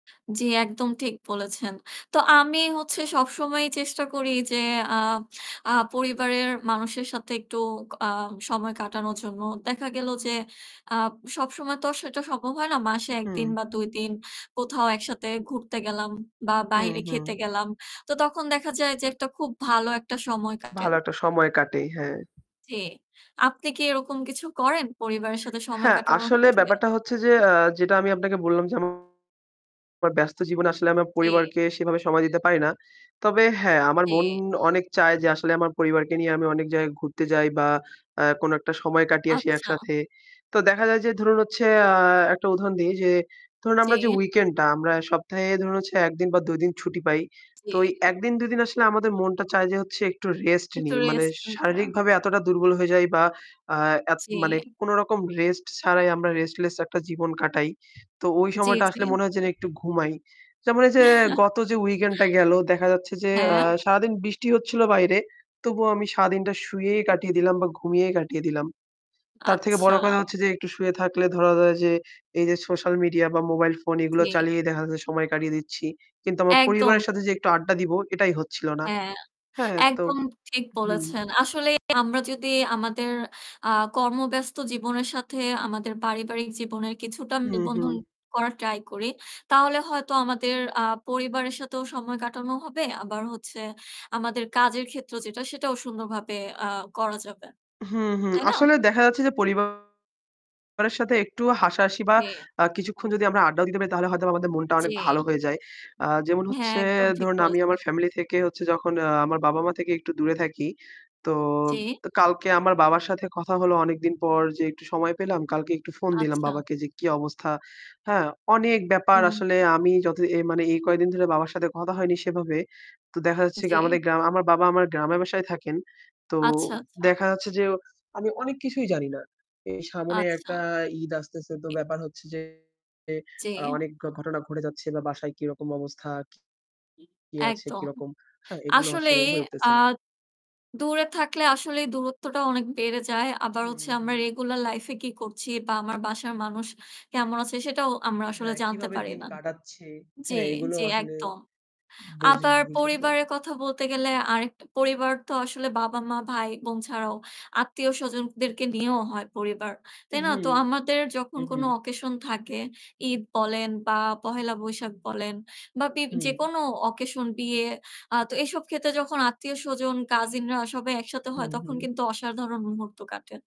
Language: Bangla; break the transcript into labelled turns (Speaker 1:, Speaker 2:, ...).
Speaker 1: জি, একদম ঠিক বলেছেন। তো আমি হচ্ছে সব সময়ই চেষ্টা করি যে আ আ পরিবারের মানুষের সাথে একটু ক আ সময় কাটানোর জন্য। দেখা গেল যে আ সব সময় তো সেটা সম্ভব হয় না। মাসে ১ দিন
Speaker 2: উহু।
Speaker 1: বা ২ দিন কোথাও একসাথে ঘুরতে গেলাম বা
Speaker 2: হুম,
Speaker 1: বাহিরে খেতে
Speaker 2: হুম।
Speaker 1: গেলাম। তো তখন দেখা যায় যে একটা খুব ভালো একটা সময় কাটে।
Speaker 2: ভালো একটা সময় কাটে, হ্যাঁ।
Speaker 1: জি, আপনি কি এরকম কিছু করেন পরিবারের সাথে সময়
Speaker 2: হ্যাঁ,
Speaker 1: কাটানোর
Speaker 2: আসলে
Speaker 1: ক্ষেত্রে?
Speaker 2: ব্যাপারটা হচ্ছে যে, আ যেটা আমি আপনাকে বললাম যে আমার ব্যস্ত জীবনে আসলে আমার
Speaker 1: জি।
Speaker 2: পরিবারকে সেভাবে সময় দিতে পারি না। তবে হ্যাঁ, আমার মন
Speaker 1: জি।
Speaker 2: অনেক চায় যে আসলে আমার পরিবারকে নিয়ে আমি অনেক জায়গায় ঘুরতে যাই বা অ্যা কোন একটা সময় কাটিয়ে আসি
Speaker 1: আচ্ছা।
Speaker 2: একসাথে। তো দেখা যায় যে ধরুন, হচ্ছে, আ একটা উদাহরণ দিই যে ধরুন, আমরা যে
Speaker 1: জি।
Speaker 2: weekend টা আমরা সপ্তাহে ধরুন, হচ্ছে ১ দিন বা ২ দিন ছুটি পাই। তো ঐ
Speaker 1: জি।
Speaker 2: ১ দিন ২ দিন আসলে আমাদের মনটা চায় যে হচ্ছে একটু rest
Speaker 1: একটু
Speaker 2: নিই। মানে
Speaker 1: rest নিতে।
Speaker 2: শারীরিকভাবে এতটা দুর্বল হয়ে যাই বা আ এত মানে
Speaker 1: জি।
Speaker 2: কোন রকম rest ছাড়াই আমরা restless একটা জীবন কাটাই। তো ঐ
Speaker 1: জি,
Speaker 2: সময়টা
Speaker 1: জি।
Speaker 2: আসলে মনে হয় যেন একটু ঘুমাই। যেমন এই যে গত যে weekend টা গেল দেখা যাচ্ছে যে, আ
Speaker 1: হ্যাঁ।
Speaker 2: সারাদিন বৃষ্টি হচ্ছিল বাইরে তবুও আমি সারাদিনটা শুয়েই কাটিয়ে দিলাম বা ঘুমিয়েই কাটিয়ে দিলাম। তার থেকে
Speaker 1: আচ্ছা।
Speaker 2: বড় কথা হচ্ছে যে একটু শুয়ে থাকলে ধরা যাক যে এই যে social media বা mobile phone এগুলো
Speaker 1: জি।
Speaker 2: চালিয়ে দেখা যায় সময় কাটিয়ে দিচ্ছি। কিন্তু আমার
Speaker 1: একদম।
Speaker 2: পরিবারের সাথে যে একটু আড্ডা দিবো এটাই হচ্ছিল না।
Speaker 1: হ্যাঁ,
Speaker 2: হ্যাঁ, তো
Speaker 1: একদম ঠিক
Speaker 2: হুম।
Speaker 1: বলেছেন। আসলেই আমরা যদি আমাদের আ কর্মব্যস্ত জীবনের সাথে আমাদের পারিবারিক জীবনের কিছুটা
Speaker 2: হুম, হুম।
Speaker 1: মিল-বন্ধন করার try করি তাহলে হয়তো আমাদের আ পরিবারের সাথেও সময় কাটানো হবে। আবার হচ্ছে আমাদের কাজের ক্ষেত্র যেটা সেটাও সুন্দরভাবে আ করা যাবে।
Speaker 2: হুম, হুম।
Speaker 1: তাই না?
Speaker 2: আসলে দেখা যাচ্ছে যে পরিবারের সাথে একটু হাসা-হাসি বা
Speaker 1: জি।
Speaker 2: আ কিছুক্ষণ যদি আমরা আড্ডাও দিতে পারি তাহলে হয়তোবা আমাদের মনটা অনেক ভালো
Speaker 1: জি।
Speaker 2: হয়ে যায়। আ যেমন
Speaker 1: হ্যাঁ,
Speaker 2: হচ্ছে
Speaker 1: একদম ঠিক
Speaker 2: ধরুন, আমি
Speaker 1: বলছেন।
Speaker 2: আমার family থেকে হচ্ছে যখন আ আমার বাবা-মা থেকে একটু দূরে থাকি। তো,
Speaker 1: জি।
Speaker 2: তো কালকে আমার বাবার সাথে কথা হলো অনেকদিন পর যে একটু সময় পেলাম। কালকে একটু phone দিলাম
Speaker 1: আচ্ছা।
Speaker 2: বাবাকে যে কি অবস্থা। হ্যাঁ, অনেক ব্যাপার
Speaker 1: উম
Speaker 2: আসলে আমি যত এ মানে এই কয়েকদিন ধরে বাবার সাথে কথা হয়নি সেভাবে। তো দেখা যাচ্ছে
Speaker 1: জি।
Speaker 2: কি আমাদের গ্রাম আমার বাবা আমার গ্রামের বাসায় থাকেন। তো
Speaker 1: আচ্ছা, আচ্ছা।
Speaker 2: দেখা যাচ্ছে যে আমি অনেক কিছুই জানিনা। এই সামনে একটা
Speaker 1: আচ্ছা।
Speaker 2: ঈদ আসতেছে তো ব্যাপার হচ্ছে যে আ
Speaker 1: জি।
Speaker 2: অনেক ঘটনা ঘটে যাচ্ছে বা বাসায় কিরকম অবস্থা কি আছে,
Speaker 1: একদম।
Speaker 2: কিরকম, হ্যাঁ, এগুলো আসলে
Speaker 1: আসলেই
Speaker 2: হয়ে
Speaker 1: আ
Speaker 2: উঠতেছে না।
Speaker 1: দূরে থাকলে আসলেই দূরত্বটা অনেক বেড়ে যায়। আবার
Speaker 2: হুম,
Speaker 1: হচ্ছে আমরা
Speaker 2: হুম।
Speaker 1: regular life এ কি করছি বা আমার বাসার মানুষ কেমন আছে সেটাও আমরা আসলে
Speaker 2: হ্যাঁ,
Speaker 1: জানতে
Speaker 2: কিভাবে
Speaker 1: পারি
Speaker 2: দিন
Speaker 1: না
Speaker 2: কাটাচ্ছে,
Speaker 1: জি,
Speaker 2: হ্যাঁ, এগুলো
Speaker 1: জি
Speaker 2: আসলে
Speaker 1: একদম।
Speaker 2: বুঝি,
Speaker 1: আবার
Speaker 2: বোঝা যায়।
Speaker 1: পরিবারের কথা বলতে গেলে আরেকটা পরিবার তো আসলে বাবা, মা, ভাই, বোন ছাড়াও আত্মীয়স্বজনদেরকে নিয়েও হয় পরিবার। তাই না?
Speaker 2: উহু,
Speaker 1: তো আমাদের যখন কোন
Speaker 2: উহু।
Speaker 1: occasion থাকে, ঈদ বলেন বা পহেলা বৈশাখ বলেন বা বি
Speaker 2: হুম।
Speaker 1: যেকোনো occasion, বিয়ে, আ তো এসব ক্ষেত্রে যখন আত্মীয়স্বজন, কাজিনরা সবাই একসাথে হয়
Speaker 2: হুম,
Speaker 1: তখন
Speaker 2: হুম।
Speaker 1: কিন্তু অসাধারণ মুহূর্ত কাটে।